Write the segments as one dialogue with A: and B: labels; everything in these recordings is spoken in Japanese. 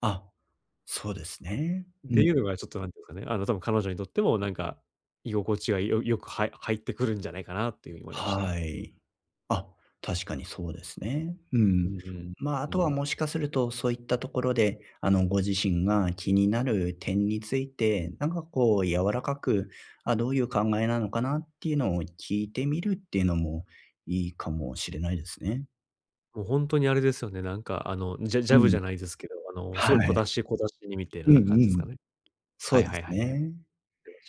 A: あ、そうですね、う
B: で、
A: ん。
B: 言うのがちょっと、なんて言うかね、あの、多分彼女にとってもなんか居心地がよよく、はい入ってくるんじゃないかなっていうに思いました。
A: はい。あ、確かにそうですね。う
B: う
A: ん。
B: んうん。
A: ま、あ
B: う
A: とは
B: ん。
A: もしかするとそういったところで、あの、ご自身が気になる点について、なんかこう柔らかく、あ、どういう考えなのかなっていうのを聞いてみるっていうのもいいかもしれないですね。
B: もう、ほんとにあれですよね、なんか、あの、ジャジ
A: う
B: ャブじ
A: ん。
B: ゃないですけど、あの、すごい
A: は
B: 小
A: い。
B: 出し、小出しにみてえ
A: うん
B: な感
A: う
B: じすか
A: ん。
B: ね。
A: そ
B: は
A: う
B: い
A: で
B: はい
A: す
B: はいはい。
A: ね。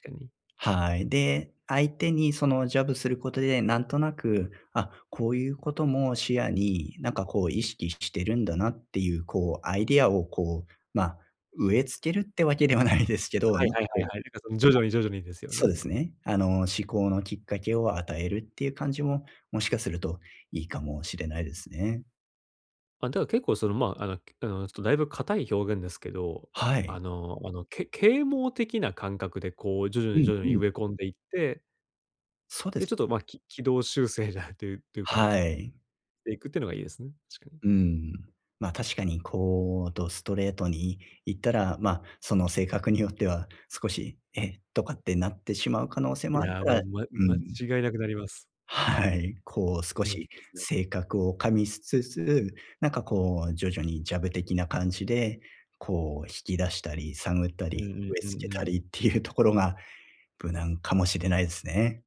B: 確かに。
A: はい。で、相手にその、ジャブすることで、なんとなく、あ、こういうことも視野に、なんかこう意識ししてるんだなっていう、こうアイデアをこう、ま、植え付けるってわけではないですけど、
B: はい
A: なん
B: はい
A: か
B: は
A: こ
B: い
A: う
B: は
A: は
B: い、
A: い、
B: なんかその徐々に徐々にですよ
A: そう
B: ね。
A: ですね。あの、思考のきっかけを与えるっていう感じも、もしかするといいかもしれないですね。
B: あ、だか、結構そのまあ、あのあの、ちょっとだいぶ硬い表現ですけど、
A: はい。
B: あのあの、け啓蒙的な感覚でこう徐々
A: う
B: に
A: ん、
B: 徐々
A: う
B: に
A: ん。
B: 植え込んでいって
A: そうで
B: で、ちょ
A: す。
B: っと、ま、き軌道修正じゃってていうか、
A: はい。
B: していくってのがいいですね、確かに。
A: うーん。ま、確かにこう、どストレートに言ったら、ま、その性格によっては、少し、「え？」とかってなってしまう可能性
B: い
A: もある
B: や、
A: か
B: も
A: ら
B: う、ま
A: う
B: 間
A: ん。
B: 違いなく、なります。
A: はい。こう少
B: うん、で
A: し
B: すね。
A: 性格を加味しつつ、なんかこう徐々にジャブ的な感じで、こう、引き出したり探った
B: う
A: り、
B: んうん、
A: 植え
B: うん
A: 付
B: う
A: けた
B: ん。
A: りっていうところが無難かもしれないすね。